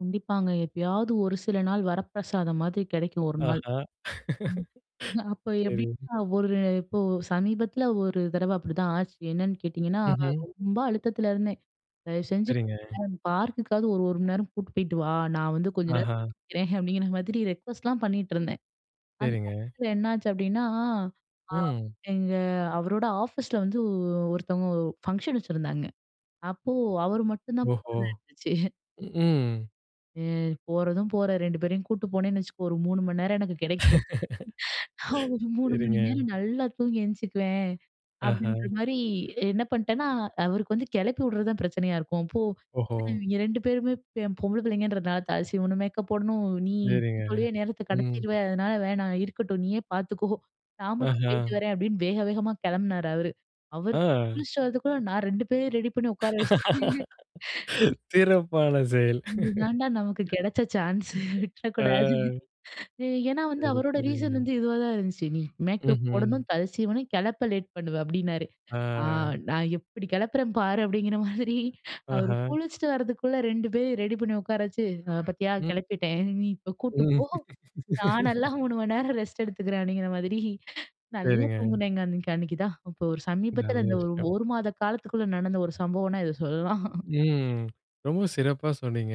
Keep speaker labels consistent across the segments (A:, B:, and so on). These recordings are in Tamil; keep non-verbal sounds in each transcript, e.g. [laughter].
A: கண்டிப்பாங்க. எப்பயாவது ஒரு சில நாள் வரப்பிரசாதம் மாதிரி கெடைக்கும். ஒரு
B: ஆஹா
A: நாள்.அ
B: [laughs]
A: அப்போ
B: செரி.
A: எப்படின்னா ஒரு இப்போ சமீபத்தில ஒரு தடவ அப்டிதான் ஆச்சு. என்னன்னு கேட்டிங்கன்னா,
B: ம்ஹ்ம்.
A: ரொம்ப அழுத்தத்துல இருந்தேன். தயவு செஞ்சு
B: செரிங்க.
A: பார்க்கக்காது ஒரு ஒரு மணி நேரம் கூட்டு போயிட்டு வா. நான் வந்து கொஞ்ச நே
B: ஆஹா.
A: இருக்கறேன் அப்டிங்கிற மாதிரி ரெக்வெஸ்ட்லாம் பண்ணீட்டுருந்தேன். அந்த
B: செரிங்க.
A: சமயத்தில என்னாச்சு அப்டின்னா, அ
B: ம்.
A: எங்க அவரோட ஆஃபீஸில வந்து ஒருத்தவங்க ஓ ஃபங்ஷன் வெச்சிருந்தாங்க. அப்போ அவர் மட்டும் தான்
B: ஓஹோ!
A: போறதா இருந்துச்சு. [laughs]
B: ம்ம்.
A: "அ போறதும் போற 2 பேரையும் கூட்டு போனேன்னு வெச்சுக்கோ ஒரு 3 மணி நேரம் எனக்கு
B: [laughs]
A: கெடைக்கும். [inhales] ஒரு
B: [inhales]
A: 3 மணி
B: செரிங்க.
A: நேரம் நல்லா தூங்கி எந்திச்சிக்குவேன்."
B: ஆஹா!
A: அப்டின்ற மாரி என்ன பண்ட்டேன்னா அவருக்கு வந்து கிளப்பி விடுறது தான் பிரச்சனையா இருக்கும். போ
B: ஓஹோ!
A: இவங்க 2 பேருமே பொம்பள பிள்ளைங்கன்றதுனால தல சீவனும் மேக்கப் போடணும் நீ
B: செரிங்க,
A: அதுக்குலியே நேரத்த
B: ம்.
A: கடத்திருவ அதனால வேணாம். இருக்கட்டும் நீயே பாத்துக்கோ நான் மட்டும்
B: ஆஹா!
A: போய்ட்டு வரேன். அப்டின்னு வேக வேகமா கிளம்பினார் அவரு. அவர்
B: ஆ.
A: குளிச்சிட்டு வரதுக்குள்ள நான் 2 பேரையும் ரெடி பண்ணி உக்கார வெச்சுட்ட.
B: [laughs]
A: [laughs]
B: சிறப்பான செயல்.
A: "இது தாண்டா நமக்கு
B: [laughs]
A: கெடைச்ச சான்ஸு
B: ஆ.
A: விட்டுறக்கூடாது" [inhales] ஏன்னா வந்து
B: செரி,
A: அவரோட ரீசன்
B: செரிங்க.
A: வந்து இதுவா தான் இருந்துச்சு. நீ மேக்கப்
B: ம்ஹ்ம்.
A: போடணும் தல சீவனும் கிளப்ப லேட் பண்ணுவ அப்டின்னாரு. ஆ
B: ஆஹ்.
A: நான் எப்டி கெளப்பறன்னு பாரு அப்டிங்கிற மாதிரி அவர்
B: ஆஹா!
A: குளிச்சிட்டு வரதுக்குள்ளே 2 பேரயு ரெடி பண்ணி உட்கார வெச்சு பாத்தியா
B: ம்.
A: கெளப்பிட்டேன். "நீ இப்போ கூட்டிட்டு போ
B: ம்.
A: நான் நல்லா
B: [laughs]
A: 3 மணி நேரம் ரெஸ்ட் எடுத்துக்கிறேன்" அப்படிங்கிற மாதிரி [inhales] நல்லா
B: செரிங்க.
A: தூங்குனேங்க அன்னைக்கு அன்னைக்கு தான். இப்போ ஒரு சமீபத்துல
B: நல்ல
A: இந்த ஒரு
B: விஷயம்.
A: ஒரு மாத காலத்துக்குள்ள நடந்த ஒரு சம்பவம்னா இத சொல்லலாம்.
B: ம் ரொம்ப சிறப்பா சொன்னீங்க.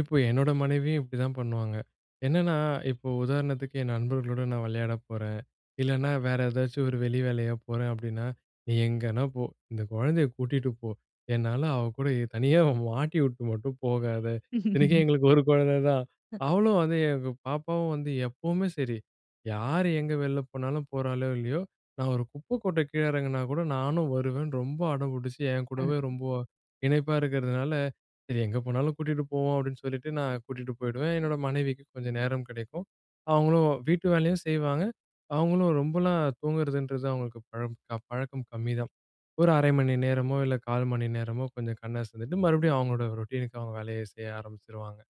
B: இப்போ என்னோட மனைவியும் இப்டிதான் பண்ணுவாங்க. என்னென்னா இப்போ உதாரணத்துக்கு என் நண்பர்களோடு நான் வெளையாடப் போறன். இல்லன்னா வேற ஏதாச்சும் ஒரு வெளி வேலையா போறேன் அப்படின்னா, "நீ எங்கனா போ. இந்த குழந்தைய கூட்டிகிட்டு போ என்னால அவள கூட தனியா மாட்டி உட்டு மட்டும் போகாத." இத்தனைக்கும்
A: [laughs]
B: எங்களுக்கு ஒரு கொழந்த தான்
A: ஹ. [inhales]
B: அவளும் வந்து எங்க பாப்பாவும் வந்து எப்புமே செரி யார் எங்க வெளில போனாலும் போறாளோ இல்லையோ, நான் ஒரு குப்பை கொட்ட கீழே எறங்குனா கூட "நானும் வருவேன்னு" ரொம்ப அடம் புடிச்சு என்கூடவே
A: அ.
B: ரொம்ப இணைப்பா இருக்கறதுனால, சரி எங்கே போனாலும் கூட்டிட்டு போவோம் அப்படின்னு சொல்லிட்டு நான் கூட்டிட்டு போயிடுவேன். என்னோட மனைவிக்கு கொஞ்சம் நேரம் கிடைக்கும். அவங்களும் வீட்டு வேலையும் செய்வாங்க. அவங்களும் ரொம்பலாம் தூங்கறதுன்றது அவங்களுக்கு பழம் பழக்கம் கம்மிதான். ஒரு 1/2 மணி நேரமோ இல்ல 1/4 மணி நேரமோ கொஞ்சம் கண்ணசந்துட்டு மறுபடியும் அவங்களோட ரொட்டீனுக்கு அவங்க வேலய செய்ய ஆரம்பிச்சுருவாங்க.